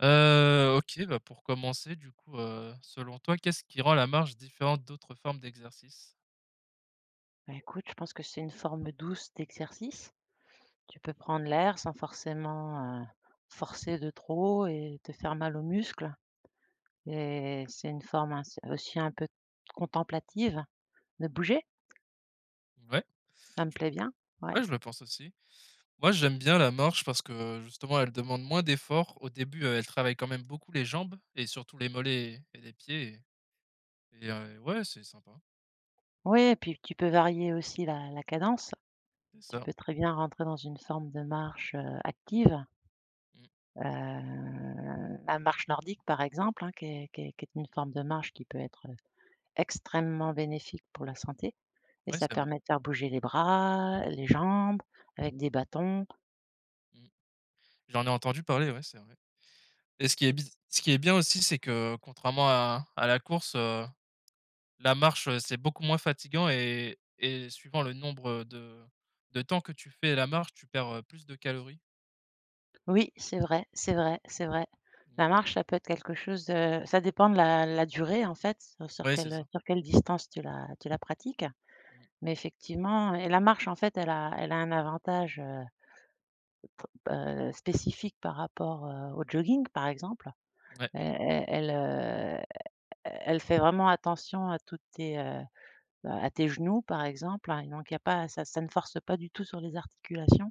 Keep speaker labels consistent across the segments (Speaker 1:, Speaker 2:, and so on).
Speaker 1: Heu, OK, bah, pour commencer, du coup, heu, selon toi, qu'est-ce qui rend la marche différente d'autres formes d'exercice?
Speaker 2: Bah, écoute, je pense que c'est une forme douce d'exercice. Tu peux prendre l'air sans forcément, heu, forcer de trop et te faire mal aux muscles. Et c'est une forme ains aussi un peu contemplative de bouger.
Speaker 1: Ouais.
Speaker 2: Ça me plait bien, ouais.
Speaker 1: Ouais, je le pense aussi. Moi j'aime bien la marche parce que, justement, elle demande moins d'effort au début, heu, elle travaille quand même beaucoup les jambes et surtout les mollets et et les pieds et et un et ouais c'est sympa.
Speaker 2: Oui et puis, tu peux varier aussi la la cadence.
Speaker 1: C'est
Speaker 2: Tu
Speaker 1: ça.
Speaker 2: peux très bien rentrer dans une forme de marche, heu, active.
Speaker 1: Mmh.
Speaker 2: Heu, la marche nordique, par exemple, hein, qui est qui est qui est une forme de marche qui peut être, heu, extrêmement bénéfique pour la santé et
Speaker 1: Ouais,
Speaker 2: ça
Speaker 1: c'est vrai.
Speaker 2: permet de faire bouger les bras, les jambes, avec des bâtons.
Speaker 1: Mmh. J'en ai entendu parler, ouais, c'est vrai et ce qui est biz ce qui est bien aussi, c'est que, contrairement à à la course, heu, la marche, heu, c'est beaucoup moins fatiguant et et suivant le nombre de de temps que tu fais la marche, tu perds, heu, plus de calories.
Speaker 2: Oui c'est vrai, c'est vrai, c'est vrai,
Speaker 1: Mmh.
Speaker 2: la marche ça peut être quelque chose de ça dépend de la la durée en fait sur
Speaker 1: Oui c'est
Speaker 2: quelle, heu,
Speaker 1: ça.
Speaker 2: sur quelle distance tu la tu la pratique
Speaker 1: Mmh.
Speaker 2: mais effectivement et la marche en fait elle a elle a un avantage heu bah, heu, spécifique par rapport, heu, au jogging par exemple.
Speaker 1: Mouais.
Speaker 2: Elle elle elle, heu, elle fait vraiment attention à toutes tes heu, à tes genoux par exemple, hein, et donc il y a pas ça ça ne force pas du tout sur les articulations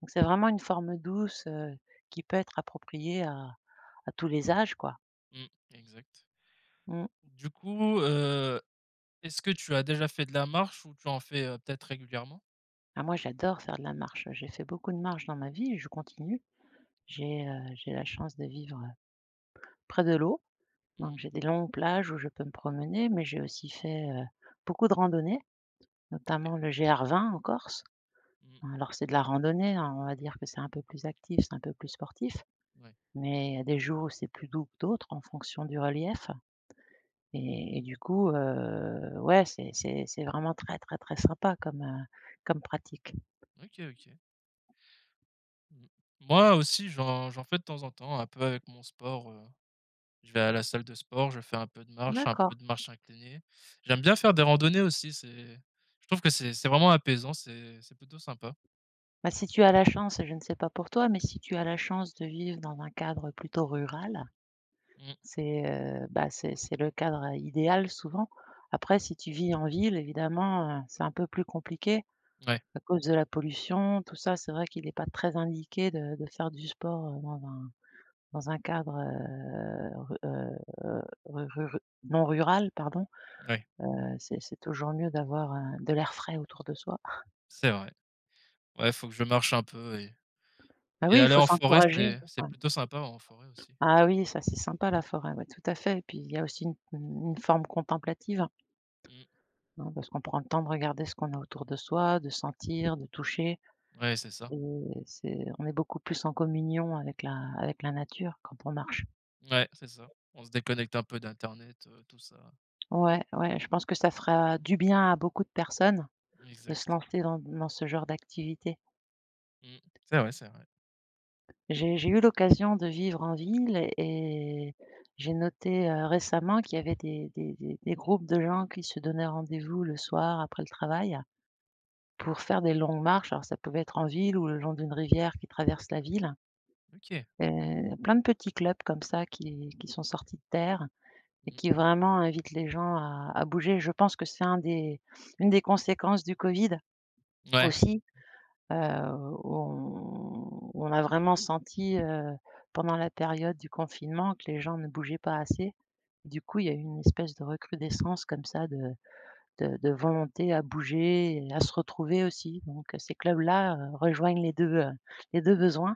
Speaker 2: donc c'est vraiment une forme douce, heu, qui peut être approprié à à tous les âges quoi.
Speaker 1: Mmh exact.
Speaker 2: Mmh.
Speaker 1: Du coup, heu, est-ce que tu as déjà fait de la marche ou tu en fait, heu, peut-être régulièrement?
Speaker 2: Ah moi j'adore faire de la marche, j'ai fait beaucoup de marche dans ma vie et je continue j'ai, heu, j'ai la chance de vivre, heu, près de l'eau
Speaker 1: Mmh
Speaker 2: donc
Speaker 1: mh.
Speaker 2: j'ai des longues plages où je peux me promener mais j'ai aussi fait, heu, beaucoup de randonnée
Speaker 1: OK.
Speaker 2: notamment le GR20 en Corse.
Speaker 1: Mmh.
Speaker 2: Alors c'est de la randonnée, hein, on va dire que c'est un peu plus actif c'est un peu plus sportif
Speaker 1: Ouais.
Speaker 2: mais y a des jours où c'est plus doux que d'autres en fonction du relief et et du coup, heu, ouais, c'est c'est c'est vraiment très, très, très sympa comme, heu, comme pratique.
Speaker 1: OK, OK. Mmh. Moi aussi j'en j'en fais de temps en temps un peu avec mon sport, heu, je vais à la salle de sport, je fais un peu de marche, un
Speaker 2: D'accord.
Speaker 1: peu de marche inclinée j'aime bien faire des randonnées aussi c'est je trouve que c'est c'est vraiment apaisant c'est c'est plutôt sympa.
Speaker 2: Bah, si tu as la chance. Je ne sais pas pour toi, mais si tu as la chance de vivre dans un cadre plutôt rural
Speaker 1: Mmh.
Speaker 2: c'est, heu, bah, c'est c'est le cadre idéal souvent. Après si tu vis en ville évidemment, heu, c'est un peu plus compliqué
Speaker 1: Mouais.
Speaker 2: à cause de la pollution tout ça c'est vrai qu'il est pas très indiqué de de faire du sport, heu, dans un dans un cadre, heu, ru heu, ru ru non rural pardon.
Speaker 1: Mouais.
Speaker 2: Heu, c'est c'est toujours mieux d'avoir, heu, de l'air frais autour de soi.
Speaker 1: C'est vrai, ouais, faut que je marche un peu et
Speaker 2: Bah
Speaker 1: et
Speaker 2: oui, il
Speaker 1: aller
Speaker 2: faut
Speaker 1: en forêt
Speaker 2: s'encourager.
Speaker 1: c'est c'est
Speaker 2: [unintelligible]
Speaker 1: plutôt sympa en forêt aussi.
Speaker 2: Ah oui ça c'est sympa la forêt, ouais, tout à fait et puis il y a aussi une une une forme contemplative.
Speaker 1: Mmh.
Speaker 2: Non, parce qu'on prend le temps de regarder ce qu'on a autour de soi, de sentir de toucher
Speaker 1: Ouais, c'est ça.
Speaker 2: et c'est on est beaucoup plus en communion avec la avec la nature quand on marche.
Speaker 1: Mouais c'est ça, on se déconnecte un peu d'internet, heu, tout ça.
Speaker 2: Ouais, ouais je pense que ça fera du bien à beaucoup de personnes. De se
Speaker 1: Exact.
Speaker 2: lancer dans n dans ce genre d'activité.
Speaker 1: Mmh c'est vrai, c'est vrai.
Speaker 2: J'ai j'ai eu l'occasion de vivre en ville et j'ai noté, heu, récemment qu'il y avait des des des des groupes de gens qui se donnaient rendez-vous le soir après le travail. Pour faire des longues marches alors ça pouvait être en ville ou le long d'une rivière qui traverse la ville
Speaker 1: OK.
Speaker 2: et, plein de petits clubs comme ça qui qui sont sortis de terre et
Speaker 1: Mmh.
Speaker 2: qui vraiment invitent les gens à à bouger, je pense que c'est un des une des conséquences du covid
Speaker 1: Mouais.
Speaker 2: aussi. Heu, on on a vraiment senti, heu, pendant la période du confinement que les gens ne bougeaient pas assez du coup il y a eu une espèce de recrudescence comme ça de de de volonté à bouger et à se retrouver aussi, donc heu, ces clubs là, heu, rejoignent les 2, heu, les 2 besoins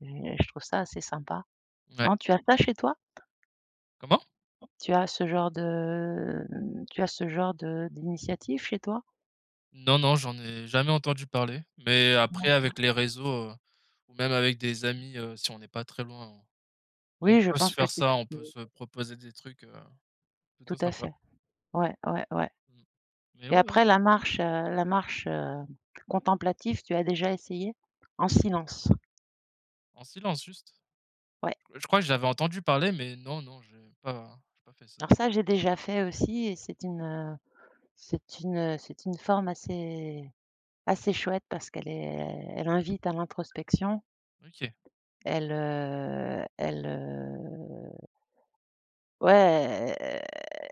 Speaker 2: et je trouve ça assez sympa.
Speaker 1: Mouais.
Speaker 2: Non tu as pas chez toi?
Speaker 1: Comment?
Speaker 2: Tu as ce genre de, mmh tu as ce genre de d'initiative chez toi?
Speaker 1: Non, non, j'en ai jamais entendu parler mais après
Speaker 2: D'accord.
Speaker 1: avec les réseaux, heu, ou même avec des amis, heu, si on n'est pas très loin on on
Speaker 2: Oui, je
Speaker 1: peut se
Speaker 2: pense que
Speaker 1: faire
Speaker 2: tu
Speaker 1: ça, on
Speaker 2: t
Speaker 1: peut se
Speaker 2: [unintelligible]
Speaker 1: proposer des trucs, heu, plutôt
Speaker 2: Tout à
Speaker 1: sympas.
Speaker 2: fait. Ouais, ouais, ouais
Speaker 1: Mmh, mais
Speaker 2: et
Speaker 1: ouais, ouais.
Speaker 2: après la marche, heu, la marche, hem, contemplative, tu as déjà essayée? En silence.
Speaker 1: En silence, juste?
Speaker 2: Ouais.
Speaker 1: Je crois que j'avais entendu parler, mais non, non, j'ai pas j'ai pas fait ça.
Speaker 2: Alors ça, j'ai déjà fait aussi et c'est une, heu, c'est une, heu, c'est une forme assez, assez chouette parce qu'elle est elle invite à l'introspection.
Speaker 1: OK.
Speaker 2: Elle, heu elle heu ouais, elle,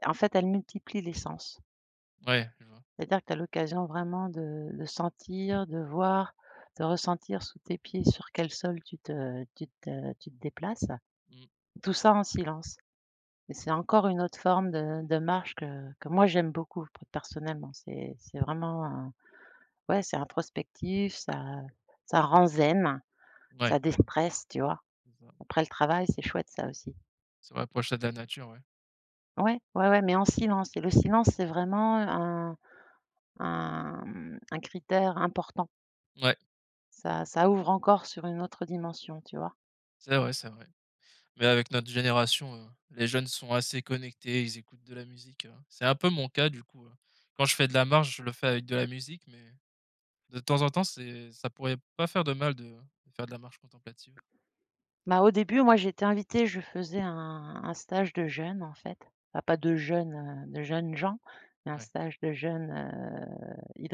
Speaker 2: en fait, elle multiplie les sens
Speaker 1: Ouais, je vois.
Speaker 2: c'est-à-dire que tu as l'occasion vraiment de de sentir, de voir, de ressentir sous tes pieds sur quel sol tu te tu te tu te déplaces,
Speaker 1: Mmh.
Speaker 2: tout ça, en silence et c'est encore une autre forme de de marche que que, moi, j'aime beaucoup p personnellement, c'est c'est vraiment, heu, ouais, c'est introspectif, ça, ça rend zen,
Speaker 1: Ouais.
Speaker 2: ça déstresse, tu vois,
Speaker 1: C'est ça.
Speaker 2: après le travail, c'est chouette, ça aussi.
Speaker 1: Ce rapprocher de la nature ouais.
Speaker 2: Ouais, ouais, ouais mais en silence et le silence c'est vraiment, heu, un un mmh, un critère important.
Speaker 1: Mouais.
Speaker 2: Ça ça ouvre encore sur une autre dimension. Tu vois?
Speaker 1: C'est vrai, c'est vrai, mais avec notre génération, heu, les jeunes sont assez connectés, ils écoutent de la musique, heu, c'est un peu mon cas du coup, heu, quand je fais de la marche je le fais avec de la musique mais de temps en temps c'est ça pourrait pas faire de mal de de faire de la marche contemplative.
Speaker 2: Bah au début moi j'étais invitée je faisais un un stage de jeûnes en fait. Ah pas de jeunes, heu, de jeunes gens, mais un
Speaker 1: Ouais.
Speaker 2: stage de jeûne, heu,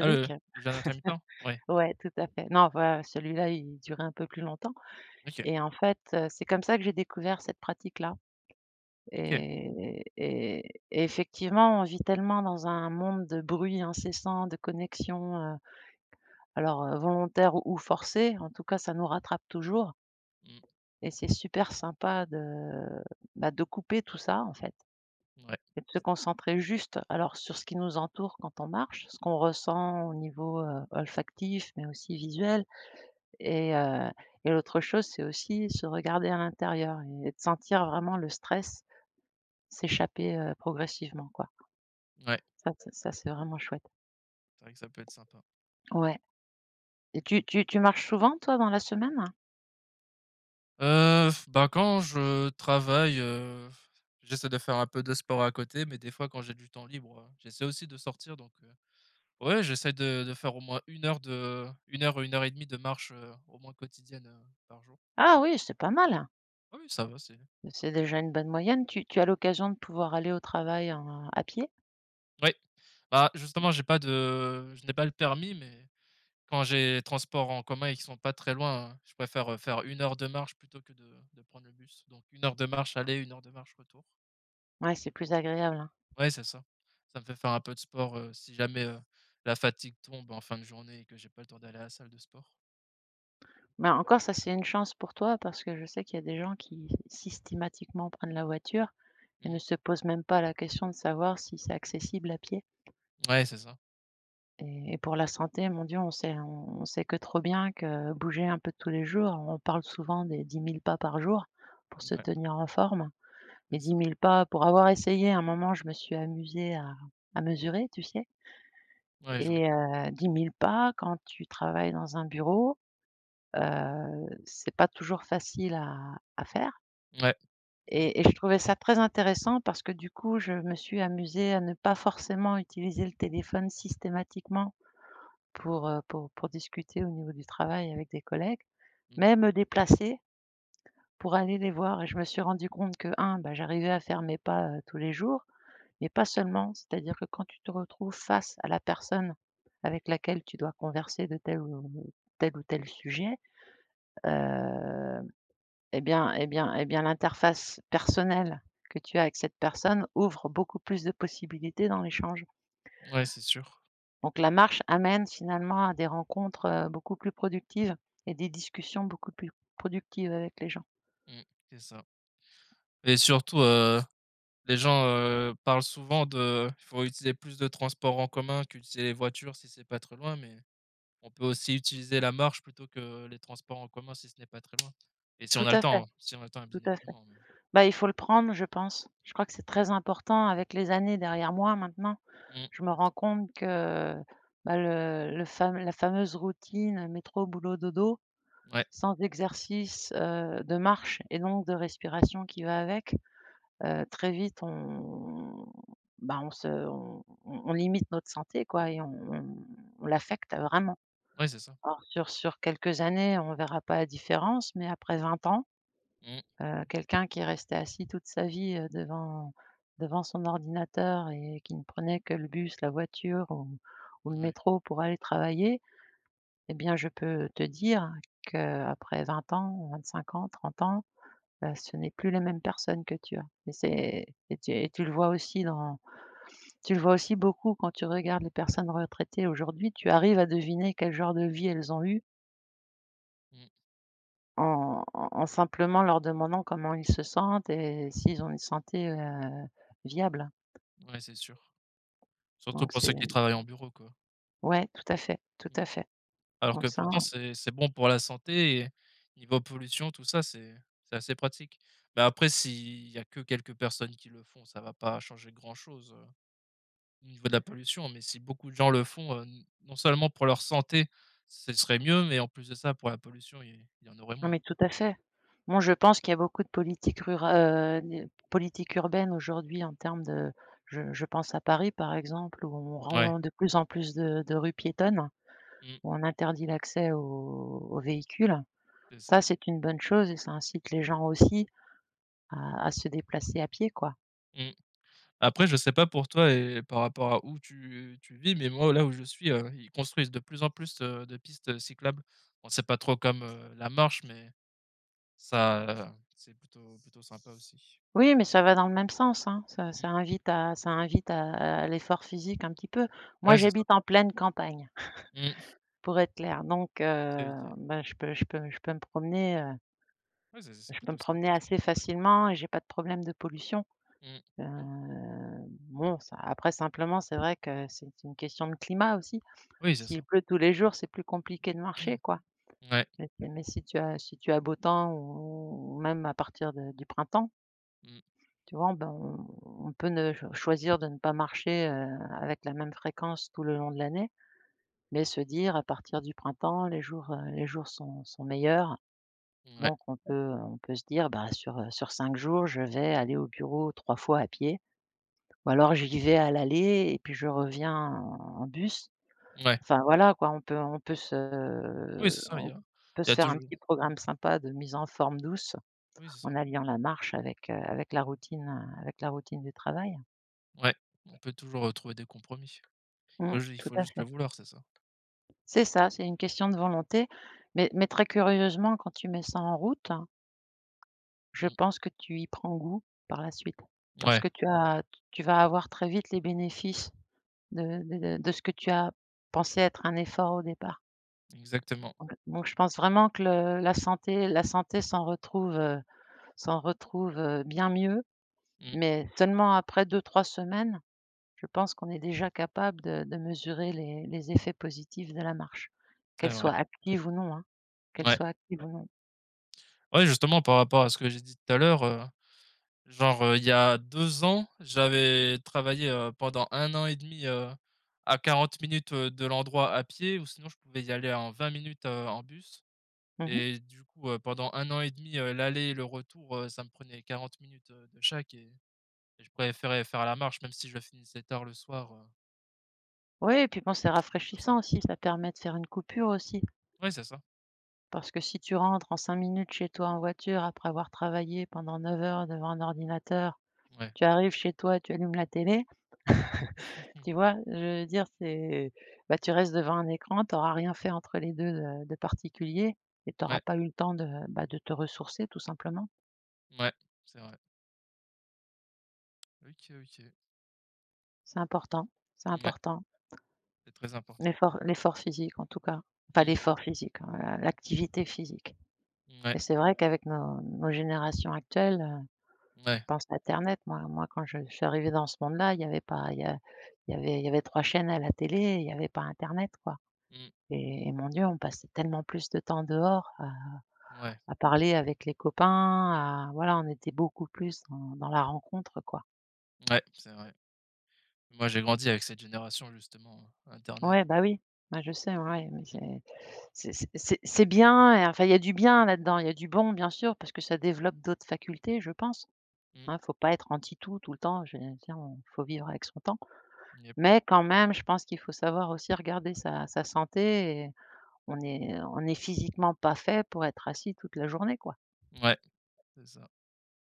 Speaker 1: Ah, le le jeûne intermittent, ouais.
Speaker 2: Ouais tout a fait non pas celui là il durait un peu plus longtemps,
Speaker 1: OK.
Speaker 2: et en fait, heu, c'est comme ça que j'ai découvert cette pratique là
Speaker 1: OK.
Speaker 2: et et et effectivement, on vit tellement dans un monde de bruits incessants, de connexions, heu, alors, heu, volontaires ou forcés en tout cas ça nous rattrape toujours
Speaker 1: Mmh.
Speaker 2: et c'est super sympa de bah de couper tout ça en fait
Speaker 1: Mouais.
Speaker 2: et de se concentrer juste alors sur ce qui nous entoure quand on marche. Ce qu'on ressent au niveau, heu, olfactif, mais aussi visuel et heu, et l'autre chose c'est aussi se regarder à l'intérieur, et de sentir vraiment le stress s'échapper, heu, progressivement quoi.
Speaker 1: Ouais.
Speaker 2: Ça ça ça c'est vraiment chouette.
Speaker 1: C'est vrai que ça peut être sympa.
Speaker 2: Ouais et tu tu tu marches souvent-toi dans la semaine?
Speaker 1: Heu, bah, quand je travaille, heu, j'essaie de faire un peu de sport à côté mais des fois quand j'ai du temps libre, heu, j'essaie aussi de sortir, donc heu, ouais, j'essaie de de faire au moins 1 heure de 1 heure ou 1 heure et 1/2 de marche, heu, au moins quotidienne, heu, par jour.
Speaker 2: Ah oui, c'est pas mal!
Speaker 1: Oui, oui, ça va, c'est
Speaker 2: C'est déjà une bonne moyenne, tu tu as l'occasion de pouvoir aller au travail à à pied?
Speaker 1: Ouais, bah, justement, j'ai pas de je n'ai pas le permis mais quand j'ai transport en commun qui sont pas très loin, je préfère faire 1 heure de marche plutôt que de de prendre le bus, donc 1 heure de marche aller 1 heure de marche retour.
Speaker 2: Ouais, c'est plus agréable, hein?
Speaker 1: Ouais, c'est ça. Ça me fait faire un peu de sport, heu, si jamais, heu, la fatigue tombe en fin de journée et que j'ai pas le temps d'aller à la salle de sport.
Speaker 2: Mais encore, ça, c'est une chance pour toi, parce que je sais qu'il y a des gens qui systématiquement prennent la voiture et
Speaker 1: Mmh
Speaker 2: ne
Speaker 1: mh.
Speaker 2: se pose même pas la question de savoir si c'est accessible à pied
Speaker 1: Mouais, c'est ça.
Speaker 2: et et pour la santé, mon Dieu, on sait on sait que trop bien que bouger un peu tous les jours, on parle souvent des 10 000 pas par jour pour se
Speaker 1: Mouais.
Speaker 2: tenir en forme et
Speaker 1: C'est
Speaker 2: dix
Speaker 1: ça.
Speaker 2: mille pas pour avoir essayé un moment, je me suis amusée à à mesurer, tu sais
Speaker 1: Ouais, je vois.
Speaker 2: et heu, 10 000 pas quand tu travailles dans un bureau, heu, c'est pas toujours facile à à faire.
Speaker 1: Ouais. C'est vrai.
Speaker 2: Et et je trouvais ça très intéressant parce que, du coup, je me suis amusée à ne pas forcément utiliser le téléphone systématiquement pour, heu, pour pour discuter au niveau du travail avec des collègues,
Speaker 1: Mmh.
Speaker 2: mais me déplacer pour aller les voir et je me suis rendue compte que, 1, bah, j'arrivais à faire mes pas, heu, tous les jours mais pas seulement, c'est-à-dire que quand tu te retrouves face à la personne avec laquelle tu dois converser de tel ou tel ou tel sujet, hem et bien et bien et bien l'interface personnelle que tu as avec cette personne ouvre beaucoup plus de possibilités dans l'échange.
Speaker 1: Ouais, c'est sûr.
Speaker 2: Donc la marche amène finalement à des rencontres, heu, beaucoup plus productives et des discussions beaucoup plus productives avec les gens.
Speaker 1: Mmh c'est ça et surtout, heu, les gens, heu, parlent souvent de «faut utiliser plus de transport en commun qu'utiliser les voitures si c'est pas trop loin» mais on peut aussi utiliser la marche plutôt que les transports en commun si ce n'est pas très loin et si on
Speaker 2: Tout
Speaker 1: a le
Speaker 2: à fait.
Speaker 1: temps si on a le temps
Speaker 2: Tout
Speaker 1: bien
Speaker 2: à fait.
Speaker 1: évidemment, oui.
Speaker 2: Bah il faut le prendre je pense, je crois que c'est très important avec les années derrière moi maintenant,
Speaker 1: Mmh
Speaker 2: je me
Speaker 1: c'est
Speaker 2: rends
Speaker 1: ça.
Speaker 2: compte que bah le le fam la fameuse routine métro boulot dodo
Speaker 1: Ouais.
Speaker 2: sans exercice, heu, de marche et donc de respiration qui va avec, heu, très vite on ben on se on on on limite notre santé quoi et on on on l'affecte vraiment.
Speaker 1: Ouais, c'est ça.
Speaker 2: Or sur sur quelques années, on verra pas la différence, mais après 20 ans,
Speaker 1: Mmh.
Speaker 2: heu, quelqu'un qui est resté assis toute sa vie, heu, devant devant son ordinateur et qui ne prenait que le bus, la voiture ou ou le
Speaker 1: Ouais.
Speaker 2: métro pour aller travailler et bien je peux te dire qu'après 20 ans, 25 ans, 30 ans, heu, ce n'est plus la même personne que tu as et c'est c'est t et tu le vois aussi dans tu le vois aussi beaucoup quand tu regardes les personnes retraitées aujourd'hui, tu arrives à deviner quel genre de vie elles ont eu.
Speaker 1: Mmh.
Speaker 2: En en en simplement leur demandant comment ils se sentent et s'ils ont une santé, heu, viable
Speaker 1: Ouais, c'est sûr. Surtout
Speaker 2: donc
Speaker 1: pour ceux
Speaker 2: c'est
Speaker 1: qui travaillent en bureau quoi.
Speaker 2: ouais tout à fait, tout
Speaker 1: Mmh.
Speaker 2: à fait
Speaker 1: Alors que
Speaker 2: donc ça
Speaker 1: pourtant c'est c'est bon pour la santé et niveau pollution tout ça c'est c'est assez pratique. Mais après s'il y a que quelques personnes qui le font, ça va pas changer grand chose, heu, au niveau de la pollution, mais si beaucoup de gens le font, heu, n non seulement pour leur santé, ce serait mieux mais en plus de ça pour la pollution il il y en aurait
Speaker 2: Non
Speaker 1: moins
Speaker 2: mais tout
Speaker 1: quoi.
Speaker 2: à fait. Moi je pense qu'il y a beaucoup de politiques rura heu, n politiques urbaines aujourd'hui en termes de je je pense à Paris par exemple. Où on
Speaker 1: Ouais.
Speaker 2: rend de plus en plus de de rues piétonnes,
Speaker 1: Mmh.
Speaker 2: où on interdit l'accès aux aux véhicules.
Speaker 1: C'est ça.
Speaker 2: Ça c'est une bonne chose et ça incite les gens aussi à à se déplacer à pieds quoi.
Speaker 1: Mmh. Après je sais pas pour toi et par rapport à où tu tu vis mais moi, là où je suis, heu, ils construisent de plus en plus, heu, de pistes, heu, cyclables. Bon c'est pas trop comme, heu, la marche mais ça c'est plutôt plutôt sympa aussi.
Speaker 2: Oui mais ça va dans le même sens, hein. Ça
Speaker 1: Mmh.
Speaker 2: ça invite à ça invite à à l'effort physique un petit peu. Moi
Speaker 1: Ouais c'est ça.
Speaker 2: j'habite en pleine campagne
Speaker 1: Mmh.
Speaker 2: pour être claire donc
Speaker 1: OK,
Speaker 2: heu,
Speaker 1: OK.
Speaker 2: ben je peux je peux je peux me promener, heu
Speaker 1: Ouais, c'est c'est
Speaker 2: je peux me
Speaker 1: plutôt sympa
Speaker 2: promener
Speaker 1: ça.
Speaker 2: assez facilement et j'ai pas de problème de pollution.
Speaker 1: Mmh.
Speaker 2: Heu,
Speaker 1: Ouais.
Speaker 2: bon ça après simplement c'est vrai que c'est une question de climat aussi.
Speaker 1: Oui c'est
Speaker 2: S'il
Speaker 1: ça.
Speaker 2: pleut tous les jours c'est plus compliqué de marcher quoi
Speaker 1: Ouais.
Speaker 2: mais mais si tu as si tu as beau temps ou même à partir de du printemps
Speaker 1: Mmh.
Speaker 2: tu vois, ben on peut ne choisir de ne pas marcher, heu, avec la même fréquence tout le long de l'année, mais se dire à partir du printemps, les jours, heu, les jours sont sont meilleurs
Speaker 1: Mouais.
Speaker 2: donc on peut on peut se dire: «Bah, sur, heu, sur 5 jours je vais aller au bureau 3 fois à pieds. Ou alors j'y vais à l'aller et puis je reviens en bus».
Speaker 1: Ouais.
Speaker 2: Enfin voilà quoi, on peut on peut se
Speaker 1: Oui c'est ça il y
Speaker 2: on
Speaker 1: a
Speaker 2: peut
Speaker 1: il y
Speaker 2: se
Speaker 1: a
Speaker 2: faire un
Speaker 1: toujours
Speaker 2: petit programme sympa de mise en forme douce,
Speaker 1: Oui, c'est ça.
Speaker 2: en alliant la marche avec, heu, avec la routine, heu, avec la routine du travail.
Speaker 1: Ouais, on peut toujours, heu, trouver des compromis, il
Speaker 2: Mmh,
Speaker 1: faut ju il
Speaker 2: tout
Speaker 1: faut
Speaker 2: à
Speaker 1: juste le
Speaker 2: fait.
Speaker 1: vouloir, c'est ça.
Speaker 2: C'est ça, c'est une question de volonté mais mais très curieusement quand tu mets ça en route, je
Speaker 1: Mmh.
Speaker 2: pense que tu y prends goût, par la suite parce
Speaker 1: Ouais.
Speaker 2: que tu as tu vas avoir très vite les bénéfices de de de ce que tu as pensé être un effort au départ.
Speaker 1: Exactement.
Speaker 2: Donc donc je pense vraiment que le la santé la santé s'en retrouve, heu, s'en retrouve, heu, bien mieux,
Speaker 1: Mmh.
Speaker 2: mais seulement après 2-3 semaines, je pense qu'on est déjà capable de de mesurer les les effets positifs de la marche,
Speaker 1: C'est
Speaker 2: qu'elle
Speaker 1: vrai.
Speaker 2: soit active ou non hein, qu'elle
Speaker 1: Ouais.
Speaker 2: soit active ou non.
Speaker 1: Ouais, justement par rapport à ce que j'ai dit tout à l'heure, heu, genre, heu, il y a 2 ans, j'avais travaillé, heu, pendant 1 an 1/2 heu, à 40 minutes, heu, de l'endroit à pied ou sinon je pouvais y aller en 20 minutes, heu, en bus
Speaker 2: Mmh mh.
Speaker 1: et du coup, heu, pendant 1 an 1/2 l'aller et le retour ça me prenait 40 minutes, heu, de chaque et je préférais faire la marche même si je finissais tard le soir heu
Speaker 2: Ouais et puis bon c'est
Speaker 1: Oui c'est plutôt
Speaker 2: rafraîchissant
Speaker 1: sympa.
Speaker 2: aussi, ça permet de faire une coupure aussi.
Speaker 1: Ouais, c'est ça.
Speaker 2: Parce que si tu rentres en 5 minutes chez toi en voiture après avoir travaillé pendant 9 heures devant un ordinateur,
Speaker 1: Ouais.
Speaker 2: tu arrives chez toi, tu allumes la télé. Tu vois? Je veux dire c'est bah, tu restes devant un écran tu auras rien fait entre les 2, heu, de particulier et tu
Speaker 1: Ouais.
Speaker 2: auras pas eu le temps de bah de te ressourcer tout simplement.
Speaker 1: Mouais, c'est vrai. OK, OK.
Speaker 2: C'est important, c'est
Speaker 1: Mouais.
Speaker 2: important.
Speaker 1: C'est très important, ouais.
Speaker 2: L'effort l'effort physique en tout cas. Enfin
Speaker 1: Mmh.
Speaker 2: l'effort physique, heu, l'activité physique
Speaker 1: Mouais.
Speaker 2: et c'est vrai qu'avec nos nos générations actuelles, heu, je
Speaker 1: Mouais.
Speaker 2: pense à internet moi moi, que quand je je suis arrivé dans ce monde là il y avait pas il y a il y avait il y avait 3 chaînes à la télé, et il y avait pas internet quoi,
Speaker 1: Mmh.
Speaker 2: et mon dieu on passait tellement plus de temps dehors à
Speaker 1: Ouais.
Speaker 2: à parler avec les copains, à voilà on était beaucoup plus dans dans la rencontre quoi.
Speaker 1: Mouais, c'est vrai. Moi j'ai grandi avec cette génération justement, heu, internet.
Speaker 2: Ouais, bah, oui, bah je sais ouais mais
Speaker 1: Mmh.
Speaker 2: c'est c'est c c'est c'est bien et enfin il y a du bien là-dedans il y a du bon bien sûr parce que ça développe d'autres facultés je pense.
Speaker 1: Mmh.
Speaker 2: Hein il faut pas être anti tout, tout le temps. Je tu sais on faut vivre avec son temps,
Speaker 1: Yep.
Speaker 2: mais quand même je pense qu'il faut savoir aussi regarder sa sa santé et on est on est physiquement pas fait pour être assis toute la journée quoi.
Speaker 1: Mouais, c'est ça.